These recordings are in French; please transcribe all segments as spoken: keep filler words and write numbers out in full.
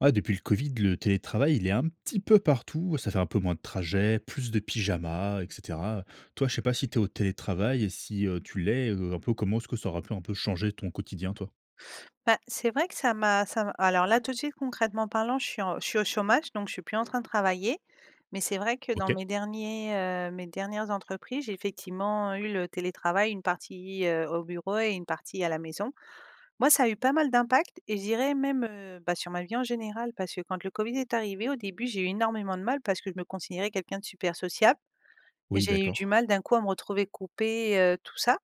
Ah depuis le Covid, le télétravail il est un petit peu partout, ça fait un peu moins de trajets, plus de pyjama et cetera. Toi je sais pas si tu es au télétravail et si, heu, tu l'es, heu, un peu comment est-ce que ça aura pu un peu changer ton quotidien, toi? Bah, c'est vrai que ça m'a ça m alors là tout de suite concrètement parlant je suis en je suis au chômage donc je suis plus en train de travailler mais c'est vrai que dans OK. mes derniers, heu, mes dernières entreprises, j'ai effectivement eu le télétravail une partie, heu, au bureau et une partie à la maison. Moi, ça a eu pas mal d'impact et je dirais même, heu, bah, sur ma vie en général, parce que quand le Covid est arrivé, au début, j'ai eu énormément de mal parce que je me considérais quelqu'un de super sociable. Et Oui, j'ai eu du d'accord. mal d'un coup à me retrouver coupée, heu, tout ça.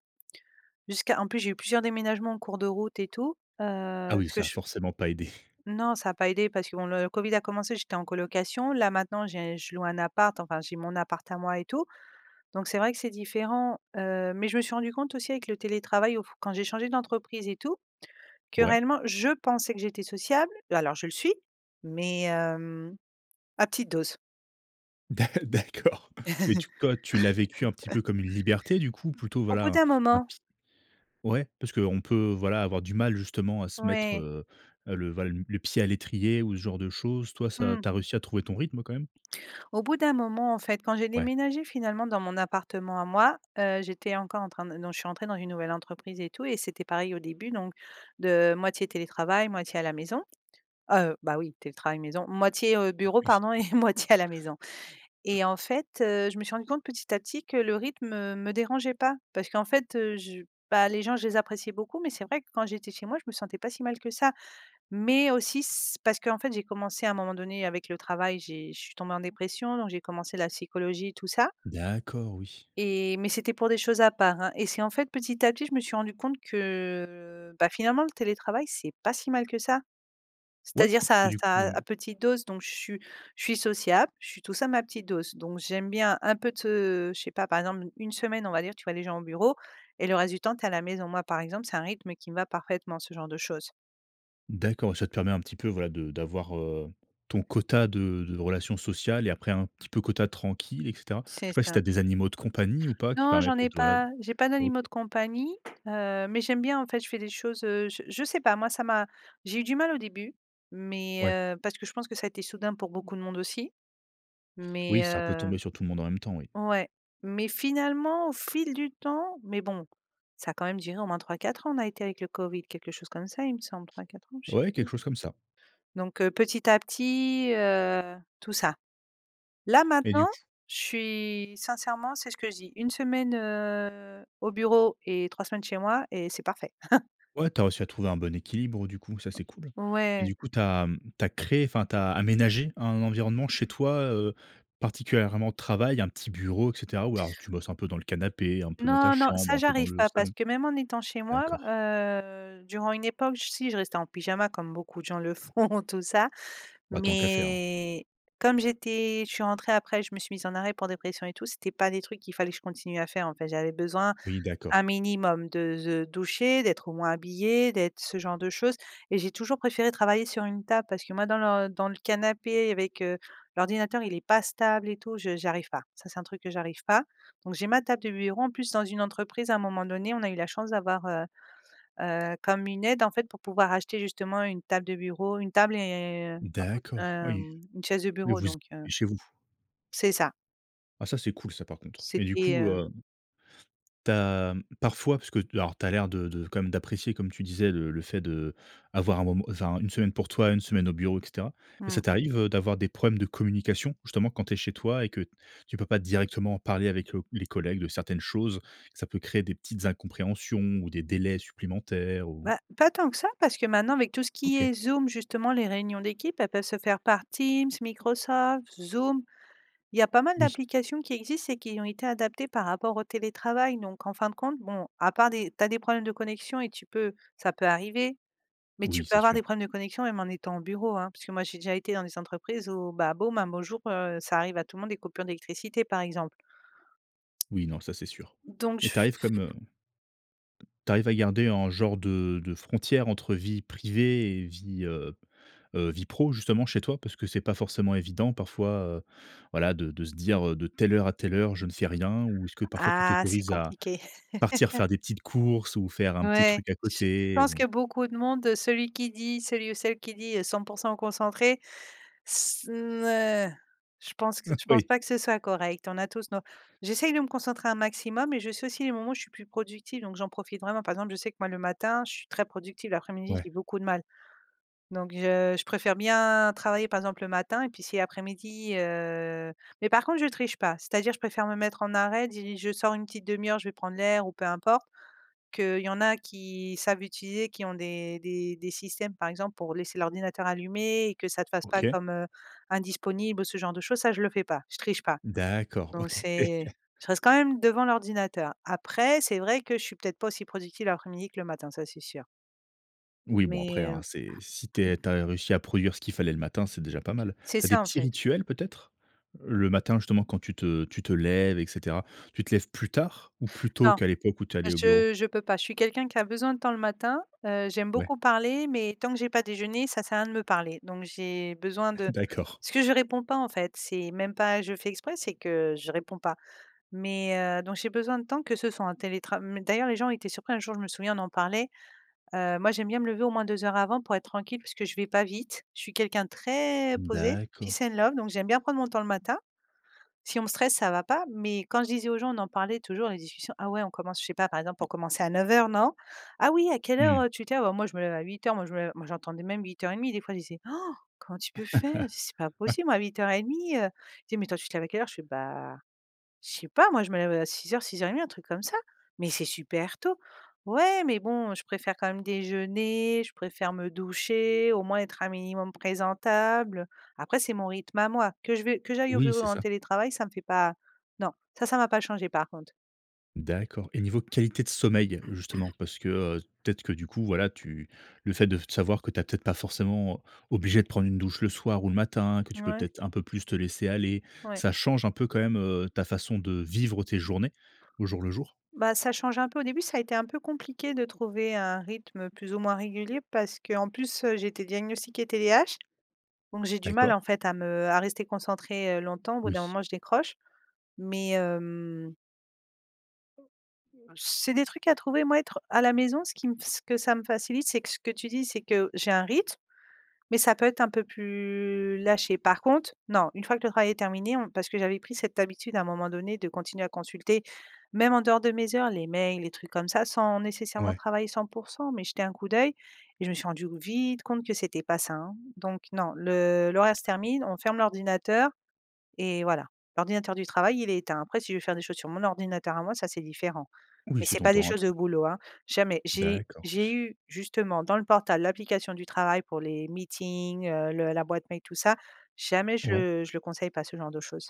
Jusqu'à en plus, j'ai eu plusieurs déménagements en cours de route et tout, heu, Ah oui, ce que ça a ch forcément pas aidé. Non, ça a pas aidé parce que, bon, le Covid a commencé, j'étais en colocation. Là, maintenant, j'ai je loue un appart, enfin, j'ai mon appart à moi et tout donc c'est vrai que c'est différent, heu, mais je me suis rendue compte aussi avec le télétravail auf quand j'ai changé d'entreprise et tout, que Ouais. réellement je pensais que j'étais sociable l alors je le suis mais, hem, à petite dose. D'a d'accord, mais tu quand tu l'as vécu un petit peu comme une liberté du coup, ou plutôt, Au bout voilà, d'un un moment petit ouais parce qu'on peut voilà avoir du mal justement à se mettre, Ouais. heu heu, le valm le pied à l'étrier ou ce genre de choses, toi ça Mmh. tu as réussi à trouver ton rythme quand même? Au bout d'un moment, en fait, quand j'ai Ouais. déménagé finalement dans mon appartement à moi, heu, j'étais encore en train de non, je suis entrée dans une nouvelle entreprise et tout et c'était pareil au début. Donc de moitié télétravail moitié à la maison. Heu, bah, oui, télétravail maison moitié, heu, Ah, bureau oui! pardon et moitié à la maison. [unintelligible] Et en fait, heu, je me suis rendue compte petit à petit que le rythme, heu, me dérangeait pas parce qu'en fait, heu, je bah, les gens je les appréciais beaucoup mais c'est vrai que quand j'étais chez moi je me sentais pas si mal que ça. Mais aussi s parce qu'en fait j'ai commencé à un moment donné avec le travail j'ai je suis tombée en dépression donc j'ai commencé la psychologie et tout ça D'accord, oui. et mais c'était pour des choses à part, hein, et c'est en fait petit à petit je me suis rendue compte que, bah, finalement le télétravail c'est pas si mal que ça. Ouais, C'est-à-dire ça mais à ça du coup heu à à petite dose donc je su je suis sociable, je suis tout ça mais à petite dose donc j'aime bien un peu te je sais pas par exemple n une semaine on va dire tu vois des gens au bureau et le reste du temps tu es à la maison. Moi par exemple c'est un rythme qui me va parfaitement ce genre de choses. D'accord et ça te permet un petit peu voilà de d'avoir heu, ton quota de de relations sociales et après un petit peu quota tranquille et cetera. Je C'est sais pas si tu ça. as des animaux de compagnie ou pas qui Non permet j'en ai peut-être voilà de pas, j'ai pas OK d'animaux de compagnie, heu, mais j'aime bien en fait, je fais des choses, heu, je je sais pas moi ça m'a j'ai eu du mal au début, mais Ouais. heu, parce que je pense que ça a été soudain pour beaucoup de monde aussi, mais Oui ça peut heu tomber sur tout le monde en même temps oui. ouais, mais finalement au fil du temps mais bon ça a quand même duré au moins trois-quatre ans on a été avec le COVID, quelque chose comme ça il me semble trois-quatre ans, je sais Ouais, quelque plus. chose comme ça. Donc heu, petit à petit, heu, tout ça. Là, Mais maintenant du coup je suis, sincèrement c'est ce que je dis une semaine, heu, au bureau et trois semaines chez moi et c'est parfait. Ouais tu as réussi à trouver un bon équilibre, du coup, ça, c'est cool, mais Ouais. du coup tu as, mmh, tu as créé enfin tu as aménagé un environnement chez toi, heu, particulièrement travail, un petit bureau et cetera? Ou alors tu bosses un peu dans le canapé, un peu dans ta Non, non chambre, ça un peu dans j'arrive le pas salon? parce que même en étant chez moi, D'accord. heu, durant une époque j si je restais en pyjama comme beaucoup de gens le font tout ça Bah tant qu'à faire. mais comme j'étais je suis rentré après je me suis mis en arrêt pour dépression et tout, c'était pas des trucs qu'il fallait que je continue à faire, en fait, j'avais besoin Oui, un d'accord. minimum de ze doucher, d'être au moins habillée, d'être ce genre de choses et j'ai toujours préféré travailler sur une table parce que moi dans l dans le canapé avec, heu, l'ordinateur il est pas stable et tout je je j'arrive pas, ça c'est un truc que j'arrive pas. Donc j'ai ma table de bureau, en plus, dans une entreprise à un moment donné on a eu la chance d'avoir, heu heu, comme une aide, en fait, pour pouvoir acheter justement une table de bureau une table et heu, un faut, D'accord oui hem, une chaise de mais bureau vous donc [unintelligible] heu chez vous. c'est ça. Ah ça c'est cool ça par contre, mais du C'était, coup heu heu Tu as parfois parce que alors tu as l'air de de quand même d'apprécier comme tu disais le le fait de avoir un moment enfin une semaine pour toi, une semaine au bureau et cetera, mais ça Mmh. t'arrive, heu, d'avoir des problèmes de communication justement quand tu es chez toi et que t tu peux pas directement en parler avec le les collègues de certaines choses, ça peut créer des petites incompréhensions ou des délais supplémentaires ou? Bah, pas tant que ça parce que maintenant avec tout ce qui OK. est Zoom justement les réunions d'équipe, elles peuvent se faire par Teams, Microsoft, Zoom. Il y a pas mal Oui. d'applications qui existent et qui ont été adaptées par rapport au télétravail donc en fin de compte, bon à part des tu as des problèmes de connexion et tu peux ça peut arriver mais tu Oui peux c'est avoir des sûr. problèmes de connexion même en étant bureau, hein, puisque moi j'ai déjà été dans les entreprises où bah, boum, un beau jour, heu, ça arrive à monde des coupures d'électricité, par exemple. Oui, non, ça, c'est sûr, Donc j mais tu f arrives f comme, heu tu arrives à garder un genre de de frontière entre vie privée et vie, heu heu, vie pro justement chez toi parce que c'est pas forcément évident parfois, heu, voilà de de se dire, heu: «de telle heure à telle heure, je ne fais rien», ou est-ce que parfois tu Ah, c'est t'autorise à compliqué. partir faire des petites courses ou faire un petit Ouais truc à j je côté pense ou? que beaucoup de monde de celui qui dit, celui ou celle qui dit cent pour cent concentré, s ne je pense que c je pense Oui. pas que ce soit correct on a tous nos j'essaye de me concentrer un maximum et je sais aussi les moments où je suis plus productive donc j'en profite vraiment. Par exemple, je sais que moi le matin je suis très productive l'après-midi Ouais. j'ai beaucoup de mal, donc je je préfère bien travailler, par exemple, le matin et puis si après-midi, heu mais par contre je triche pas c'est-à-dire je préfère me mettre en arrêt dit: «Je sors une petite demi heure je vais prendre l'air ou peu importe.» Qu'il y en a qui savent utiliser qui ont des des des systèmes, par exemple, pour laisser l'ordinateur allumé et que ça te fasse pas OK. comme, heu, indisponible ou ce genre de choses, ça je le fais pas je triche pas D'accord, donc OK. c'est je reste quand même devant l'ordinateur après c'est vrai que je suis peut-être pas aussi productive l'après midi que le matin, ça c'est sûr. Oui bon Mais après hein heu c'est si tu es tu as réussi à produire ce qu'il fallait le matin, c'est déjà pas mal. C'est Tu as des ça, en petits fait. rituels peut-être le matin justement quand tu te tu te lèves et cetera? Tu te lèves plus tard ou plus tôt Non, qu'à l'époque où tu allais au bureau? je je peux pas, je suis quelqu'un qui a besoin de temps le matin, heu, j'aime Ouais. beaucoup parler, mais tant que j'ai pas déjeuné, ça sert à rien de me parler. Donc j'ai besoin de D'accord. parce que je réponds pas, en fait, c'est même pas je fais exprès, c'est que je réponds pas mais heu, donc j'ai besoin de temps que ce soit en télétra même d'ailleurs les gens étaient surpris, un jour je me souviens on en parlait heu, moi j'aime bien me lever au moins deux heures avant pour être tranquille parce que je vais pas vite je suis quelqu'un de très posé peace D'accord. and love, donc j'aime bien prendre mon temps le matin. Si on me stresse ça va pas, mais quand je disais aux gens on en parlait toujours les discussions ah ouais on commence je sais pas, par exemple on commençait à neuf heures non: «Ah oui à quelle heure, Mmh. heu, tu te lèves, alors moi je me lève à huit heures» moi je me moi j'entendais même huit heures et demie, des fois, ils disaient: «Han, comment tu peux faire dit c'est pas possible, moi à huit heures et demie.» Heu, il me dit: «Mais toi tu lèves à quelle l'heure?» je fais «bah, je sais pas moi je me lève à six heures-six heures et demi, un truc comme ça, mais c'est super tôt, ou ais, mais bon, je préfère quand même déjeuner, je préfère me doucher, au moins être un minimum présentable». Après c'est mon rythme à moi que je vais que j'aille au Oui, bureau ou c'est en ça télétravail ça me fait pas non ça ça va pas changer, par contre. D'accord et niveau qualité de sommeil justement parce que, heu, peut-être que du coup voilà tu le fait de f t savoir que tu as peut-être pas forcément obligé de prendre une douche le soir ou le matin que tu peux Mouais. peut-être un peu plus te laisser aller Ouais. ça change un peu quand même, heu, ta façon de vivre tes journées au jour le jour? Bah ça change un peu, au début ça a été un peu compliqué de trouver un rythme plus ou moins régulier parce que en plus, heu, j'étais diagnostiquée TDAH donc j'ai du mal, en D'accord. fait, à me à rester concentré, heu, longtemps au bout d'un Oui. moment je décroche mais hem c'est des trucs à trouver, moi être à la maison ce qui m ce que ça me facilite c'est que ce que tu dis c'est que j'ai un rythme, mais ça peut être un peu plus lâché par contre non une fois que le travail est terminé on parce que j'avais pris cette habitude à un moment donné de continuer à consulter, même en dehors de mes heures, les mails les trucs comme ça sans nécessairement Ouais. travailler cent pour cent, mais jeter un coup d'oeil et je me suis rendu vite compte que c'était pas sain, hein, donc non, le le reste termine, on ferme l'ordinateur et voilà l'ordinateur du travail, il éteint. Après si je veux faire des choses sur mon ordinateur à moi ça c'est différent, Oui, mais c'est c'est ton pas des temps à choses de toi. boulot, hein, jamais j'ai D'accord, j'ai s eu justement dans le portable l'application du travail pour les meetings, heu, le la boîte mail tout ça jamais Ouais. je je le conseille pas ce genre de choses,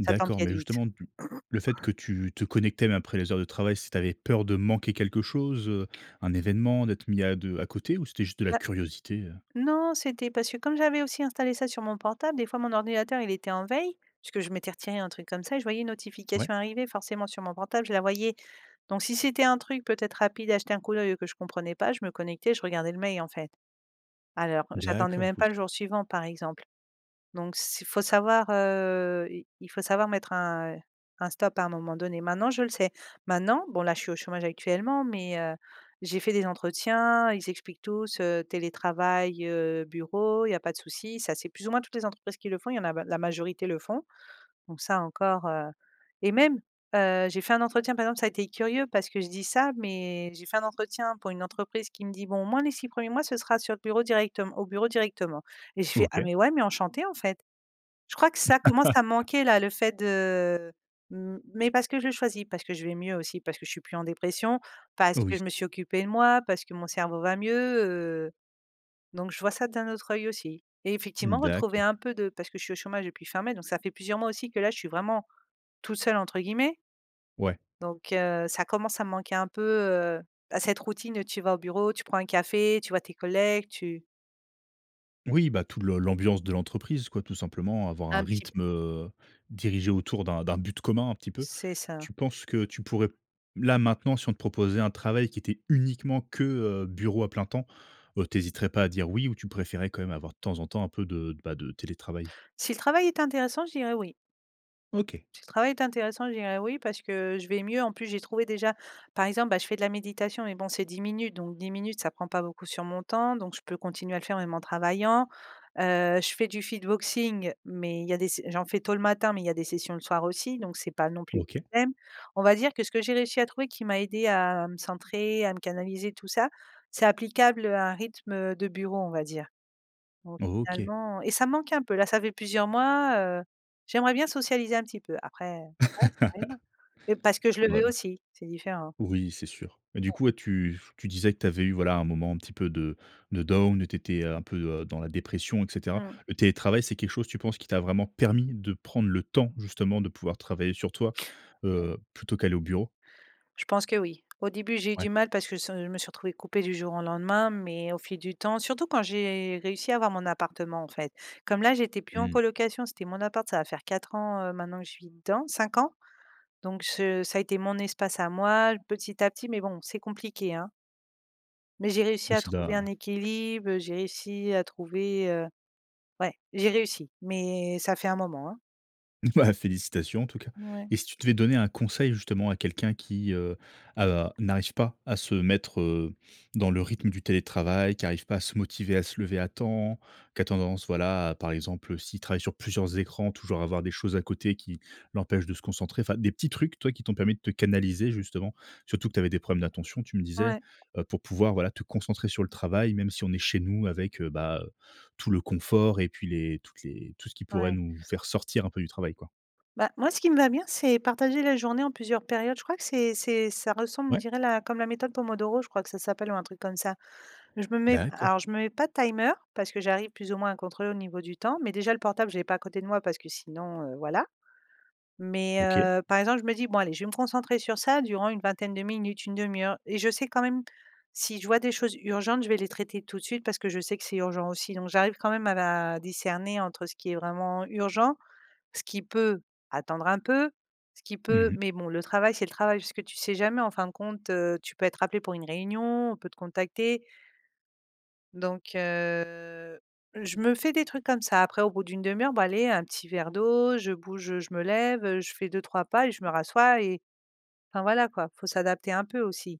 ça t'empiète mais vite. justement tu le fait que tu te connecte même après les heures de travail, c'est tu avais peur de manquer quelque chose, heu, un événement, d'être mis à de à côté ou c'était juste de la Ouais. curiosité, heu? Non c'était parce que comme j'avais aussi installé ça sur mon portable des fois mon ordinateur il était en veille, puisque je m'étais retiré un truc comme ça, et je voyais une Ouais. notification arriver forcément sur mon portable je la voyais. Donc si c'était un truc peut-être rapide à jeter un coup d'oeil ou que je comprenais pas, je me connectais, je regardais le mail, en fait. Alors j'attendais D'accord, même pas oui. le jour suivant, par exemple, donc s faut savoir, heu, il faut savoir mettre un un stop à un moment donné maintenant je le sais, maintenant bon là je suis au chômage actuellement mais heu, j'ai fait des entretiens, ils expliquent tous, heu, télétravail, heu, bureau il y a pas de souci, ça c'est plus ou moins toutes les entreprises qui le font, il y en a b la majorité le font donc ça encore, heu, et même, heu, j'ai fait un entretien, par exemple, ça a été curieux parce que je dis ça mais j'ai fait un entretien pour une entreprise qui me dit bon: «moi les six premiers mois ce sera sur le bureau directeme au bureau directement» et je fais: «Ah OK. mais ouais mais enchanté, en fait». Je crois que ça commence à manquer là, le fait de, mmh mais parce que je le choisis, parce que je vais mieux aussi parce que je suis plus en dépression parce que Oui. je me suis occupé de moi parce que mon cerveau va mieux, heu, donc je vois ça d'un autre œil aussi et Mmh, effectivement retrouver un d'accord. peu de parce que je suis au chômage depuis fin mai, donc ça fait plusieurs mois aussi que là, je suis vraiment «toute seule» entre guillemets Ouais. donc heu, ça commence à me manquer un peu, heu, bah cette routine, tu vas au bureau, tu prends un café, tu vois tes collègues, tu Oui, bah tout le l'ambiance de l'entreprise quoi tout simplement, avoir un Un petit peu. rythme, heu, dirigé autour d'un d'un but commun un petit peu. C'est ça. Tu penses que tu pourrais, là maintenant, si on te proposait un travail qui était uniquement que, heu, bureau à plein temps, heu, tu hésiterais pas à dire oui ou tu préférais quand même avoir de temps en temps un peu de bah, de télétravail? Si le travail était intéressant, je dirais: «oui». OK. Si le travail est intéressant je dirais: «oui» parce que je vais mieux, en plus, j'ai trouvé déjà, par exemple, bah, je fais de la méditation mais bon c'est dix minutes donc dix minutes ça prend pas beaucoup sur mon temps donc je peux continuer à le faire même en travaillant, heu, je fais du Fitboxing mais il y a des s j'en fais tôt le matin mais il y a des sessions le soir aussi donc c'est pas non plus OK. un problème, on va dire que ce que j'ai réussi à trouver qui m'a aidé à me centrer, à me canaliser, tout ça c'est applicable, heu, à un rythme, heu, de bureau on va dire, donc OK. finalement et ça manque un peu, là ça fait plusieurs mois, heu, j'aimerais bien socialiser un petit peu, après voilà ça arrivera et parce que je le veux Voilà. aussi, c'est différent. Oui, c'est sûr, mais du coup, [unintelligible] ouais tu f tu disais que tu avais eu voilà un moment un petit peu de de down et tu étais un peu, heu, dans la dépression et cetera. Mmh. Le télétravail, c'est quelque chose, tu penses, qui t'a vraiment permis de prendre le temps, justement, de pouvoir travailler sur toi, Ouais. heu, plutôt qu'aller au bureau? Je pense que oui. Au début, j'ai eu Ouais. du mal parce que s heu, je me suis retrouvé coupée du jour au lendemain, mais au fil du temps surtout quand j'ai réussi à avoir mon appartement en fait, comme là j'étais plus en Mmh. colocation, c'était mon appart ça va faire quatre ans, heu, maintenant que je suis dedans cinq ans donc se ça a été mon espace à moi, petit à petit mais bon c'est compliqué, hein. Mais j'ai réussi Oui, à ça trouver doit un équilibe, j'ai réussi à trouver, heu ouais, j'ai réussi, mais ça fait un moment, hein. Bah, félicitations en tout cas, Mouais. et si tu devais donner un conseil justement à quelqu'un qui, heu, a n'arrive pas à se mettre, heu, dans le rythme du télétravail, qui arrive pas à se motiver, à se lever à temps, qui a tendance, voilà, à, par exemple, heu, s'il travaille sur plusieurs écrans, toujours avoir des choses à côté qui l'empêchent de se concentrer, fin des petits trucs, toi, qui t'ont permis de te canaliser justement. Surtout que tu avais des problèmes d'attention, tu me disais, Ouais. heu, pour pouvoir, voilà, te concentrer sur le travail, même si on est chez nous avec, heu, bah, heu, tout le confort et puis les toutes les tout ce qui pourrait Ouais. nous faire sortir un peu du travail, quoi. Bah, moi ce qui me va bien, c'est partager la journée en plusieurs périodes. Je crois que c'est c'est ça ressemble, on Ouais. dirait la comme la méthode Pomodoro je crois que ça s'appelle, ou un truc comme ça mais je me mets alors D'accord. je me mets pas de timer parce que j'arrive plus ou moins à contrôler au niveau du temps, mais déjà le portable, je l'ai pas à côté de moi parce que sinon, heu, voilà mais, OK. heu, par exemple, je me dis: «Bon allez, je vais me concentrer sur ça durant une vingtaine de minutes, une demie heure», et je sais quand même si je vois des choses urgentes. Je vais les traiter tout de suite parce que je sais que c'est urgent aussi donc j'arrive quand même à la discerner entre ce qui est vraiment urgent ce qui peut attendre un peu, ce qui Mmh peut mh. mais bon, le travail, c'est le travail puisque tu sais jamais en fin de compte, heu, tu peux être appelé pour une réunion, on peut te contacter. Donc heu, je me fais des trucs comme ça après au bout d'une demie heure, bon allez un petit verre d'eau, je bouge, heu, je me lève, heu, je fais deux-trois pas et je me rassois et enfin voilà quoi, faut s'adapter un peu aussi.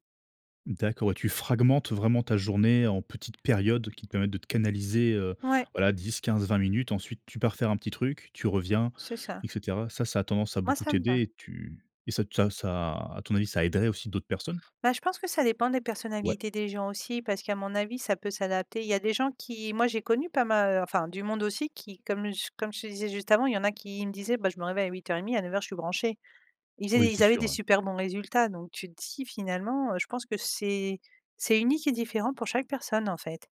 D'accord, ouais tu fragmentes vraiment ta journée en petites périodes qui te permettent de te canaliser, heu, Ouais. voilà dix-quinze-vingt minutes. Ensuite, tu pars faire un petit truc, tu reviens, C'est ça. et cetera. Ça, ça a tendance à Moi beaucoup ça me va. t'aider et tu et ça t ça ça, à ton avis, ça aiderait aussi d'autres personnes? Bah, je pense que ça dépend des Ouais. personnalités des gens aussi parce qu'à mon avis, ça peut s'adapter. Il y a des gens qui moi j'ai connu pas ma heu, enfin du monde aussi qui comme ch comme je te disais juste avant, il y en a qui me disaient: «Bah, je me réveille à huit heures et demi, à neuf heures je suis branché». Ils faisaient Oui, des c'est ils avaient sûr, des hein. super bons résultats donc tu te dis: «Finalement, heu, je pense que c'est c'est unique et différent pour chaque personne en fait».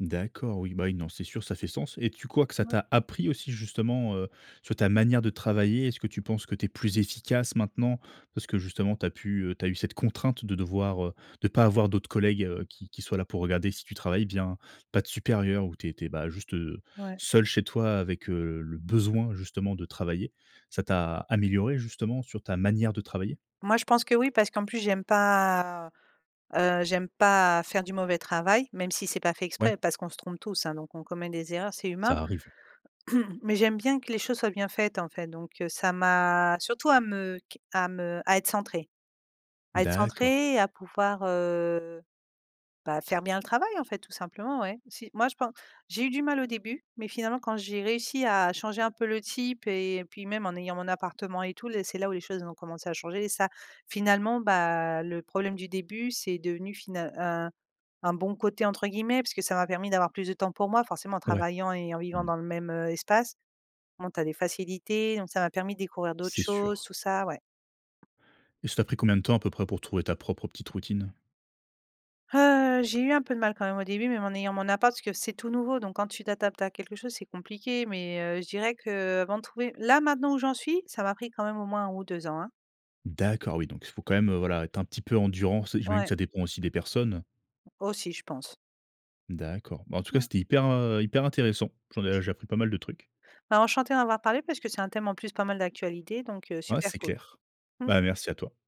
D'accord, oui, bah oui, non, c'est sûr, ça fait sens, et tu crois que ça Ouais. t'a appris aussi justement, heu, sur ta manière de travailler? Est-ce que tu penses que tu es plus efficace maintenant? Parce que justement, tu as pu, heu, tu as eu cette contrainte de devoir, heu, de pas avoir d'autres collègues, heu, qui qui soient là pour regarder si tu travailles bien, pas Mmh. de supérieur où tu étais, bah, juste Ouais. seule chez toi avec, heu, le besoin, justement, de travailler. Ça t'a améliorée, justement, sur ta manière de travailler? Moi je pense que oui, parce qu'en plus j'aime pas, heu, j'aime pas faire du mauvais travail. Même si c'est pas fait exprès Ouais. parce qu'on se trompe tous, hein, donc on commet des erreurs, c'est humain, Ça arrive. mais j'aime bien que les choses soient bien faites, en fait, donc heu, ça m'a surtout à me q à me à être centrée. À être D'accord. centrée, à pouvoir, heu, bah, faire bien le travail, en fait, tout simplement, ouais. Si moi je pen j'ai eu du mal au début mais finalement, quand j'ai réussi à changer un peu le type et puis même en ayant mon appartement et tout les c'est là où les choses ont commencé à changer et ça finalement, bah, le problème du début c'est devenu final «un un bon côté» entre guillemets parce que ça m'a permis d'avoir plus de temps pour moi. Forcément, en Ouais. travaillant et en vivant Mmh. dans le même, heu, espace. Bon, tu as des facilités, donc ça m'a permis de découvrir d'autres C'est choses, sûr. tout ça, ouais. Et ça t'a pris combien de temps, à peu près, pour trouver ta propre petite routine? Heu, j'ai eu un peu de mal quand même au début, même en ayant mon appart, parce que c'est tout nouveau donc quand tu t'adaptes à quelque chose, c'est compliqué mais heu, je dirais qu'avant de trouver là, maintenant, où j'en suis ça m'a pris quand même au moins un ou deux ans, hein. D'accord oui, donc il faut quand même, heu, voilà, être un petit peu endurant. C j'imagine que Ouais. ça dépend aussi des personnes? Aussi, je pense. D'accord. Bah, en tout cas, Mmh. c'était hyper, heu, hyper intéressant. J'en ai j'ai appris pas mal de trucs. Bah, enchantée d'en avoir parlé, parce que c'est un thème en plus pas mal d'actualité, donc heu, Ouais, super c'est cool. clair. Mmh. Bah, merci à toi.